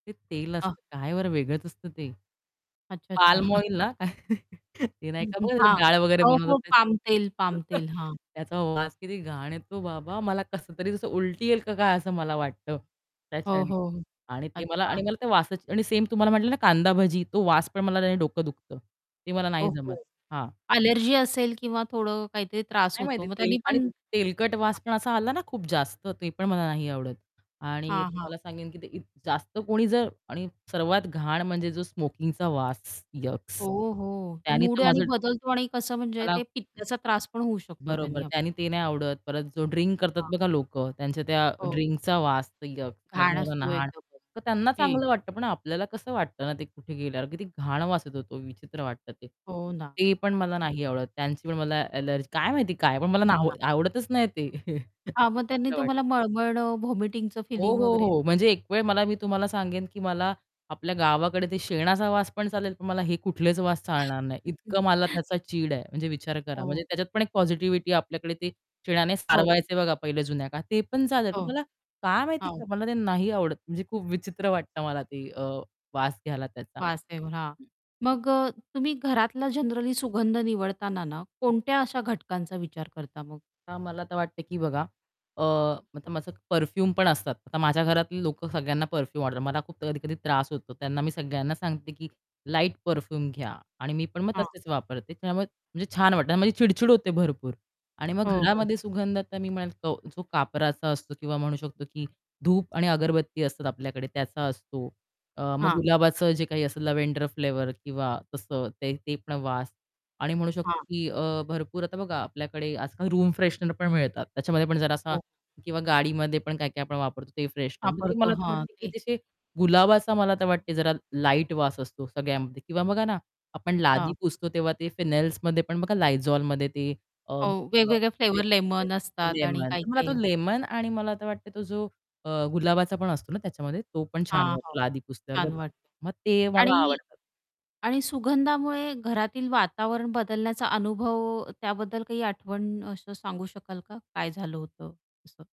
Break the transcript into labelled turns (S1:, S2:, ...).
S1: ते तेल असतं. काय बरं वेगळंच असतं ते.
S2: अच्छा, अच्छा.
S1: पाल्म ऑइल ना, ते नाही
S2: हं,
S1: का
S2: हं. हां.
S1: डाळ वगैरे
S2: हो, हो.
S1: बनवतात.
S2: पाम तेल, पाम तेल. हां.
S1: त्याचा वास किती घाण येतो बाबा मला कसतरी उलटी येईल का काय असं मला वाटतं
S2: हो,
S1: त्याच्याने
S2: हो.
S1: आणि ते मला आणि
S2: अच्छा.
S1: मला ते वासाची आणि सेम तुम्हाला म्हटलं ना, कांदा भाजी तो वास पण मला त्याने डोकं दुखतं. ते मला
S2: हो,
S1: नाही जमत.
S2: हो.
S1: हां.
S2: ॲलर्जी असेल किंवा थोडं काहीतरी त्रास
S1: नाही
S2: होतो
S1: माहिती
S2: मग
S1: तेल
S2: त्यांनी पण
S1: आणि
S2: हां.
S1: तेलकट वास पण असा आला ना, खूप जास्त ते पण मला नाही आवडत आणि
S2: हां, हां.
S1: तुम्हाला सांगेन की इत ते जास्त कोणी जर आणि सर्वात घाण म्हणजे जो स्मोकिंगचा वास यक्स
S2: हो, हो. तर
S1: त्यांनी
S2: मूड
S1: तर
S2: यांनी
S1: माझं
S2: बदलतो आणि कसं म्हणजे
S1: मला
S2: ते पित्ताचा त्रास पण होऊ शकतो
S1: बरोबर.
S2: त्यांनी आप
S1: त्यानी ते नाही आवडत परत जो ड्रिंक करतात
S2: हां.
S1: बघा लोकं त्यांच्या त्या
S2: हो.
S1: ड्रिंकचा वास यक्स म्हणजे
S2: घाण
S1: मला
S2: असतोय.
S1: नाय तर त्यांना
S2: [unintelligible]
S1: चांगलं वाटतं पण आपल्याला कसं वाटतं ना, ते कुठे गेल्यावर किती घाण वास येतो विचित्र वाटतं ते,
S2: हो ना.
S1: ते पण मला नाही आवडत. त्यांची पण मला ॲलर्जी काय माहिती काय पण मला ना
S2: अच्छा.
S1: आवडतच नाही ते.
S2: हां, मग त्यांनी
S1: [unintelligible]
S2: तुम्हाला मळमळणं व्हॉमिटिंगचं
S1: हो,
S2: फीलिंग
S1: हो,
S2: वगैरे
S1: हो, म्हणजे एक वेळ मला मी तुम्हाला सांगेन की मला आपल्या गावाकडे ते शेणाचा वास पण चालेल, पण मला हे कुठलेच वास चालणार नाही. इतकं मला त्याचा चीड आहे म्हणजे विचार करा. म्हणजे
S2: हो.
S1: त्याच्यात पण एक पॉझिटिव्हिटी आहे आपल्याकडे ते शेणाने
S2: हो.
S1: सारवायचे बघा पहिले जुन्या काळात, ते पण चालेल पण
S2: हो.
S1: मला काय माहिती
S2: हो.
S1: मला ते नाही आवडत. म्हणजे खूप विचित्र वाटतं मला ते अ, वास घ्यायला त्याचा.
S2: वास [unintelligible] हां.
S1: [unintelligible]
S2: मग अ, तुम्ही घरातला जनरली सुगंध निवडताना ना,
S1: हं.
S2: कोणत्या अशा घटकांचा विचार करता मग?
S1: तर मला तर वाटते की बघा अ, आता माझं परफ्यूम पण असतात. आता माझ्या घरातली लोकं सगळ्यांना परफ्यूम आवडतात, मला खूप कधी-कधी त्रास होतो त्यांना मी सगळ्यांना सांगते की लाईट परफ्यूम घ्या आणि मी पण मग
S2: हां.
S1: तसेच वापरते त्यामुळे म्हणजे छान वाटतं आणि माझी चिड-चिड होते भरपूर आणि मग
S2: हो, हो.
S1: घरामध्ये सुगंधता मी म्हणेल तो जो कापराचा असतो किंवा म्हणू शकतो की धूप आणि अगरबत्ती असतात आपल्याकडे त्याचा असतो. अ, मग
S2: हां.
S1: गुलाबाचं जे काही असेल लॅव्हेंडर फ्लेवर किंवा तसं ते ते पण वास आणि म्हणू शकतो
S2: हां.
S1: की अ, भरपूर आता बघा आपल्याकडे आजकाल रूम फ्रेशनर पण मिळतात त्याच्यामध्ये पण जरा असा
S2: हो.
S1: किंवा गाडीमध्ये पण काय-काय आपण वापरतो ते फ्रेशनर ते
S2: वापरतो.
S1: मला
S2: हां,
S1: वाटते की
S2: ते
S1: जसे गुलाबाचा मला तर वाटते जरा लाईट वास असतो सगळ्यामध्ये किंवा बघा ना, आपण लादी
S2: हां.
S1: पुसतो तेव्हा ते फेनेल्समध्ये पण बघा Lizolमध्ये ते अ,
S2: अ, वेगवेगळे फ्लेवर
S1: [unintelligible]
S2: लेमन असतात आणि
S1: लेमन, मला तो
S2: काही-काही.
S1: लेमन आणि मला आता वाटत तो जो अ, गुलाबाचा पण असतो ना, त्याच्यामध्ये तो पण छान
S2: हां, हां.
S1: वाटतो लादी पुसल्यावर
S2: छान
S1: बघा
S2: वाटतं.
S1: मग ते मला
S2: आणि
S1: आवडतात.
S2: आणि सुगंधामुळे घरातील वातावरण बदलण्याचा अनुभव त्याबद्दल काही आठवण असं सांगू शकाल का? काय झालं होतं असं?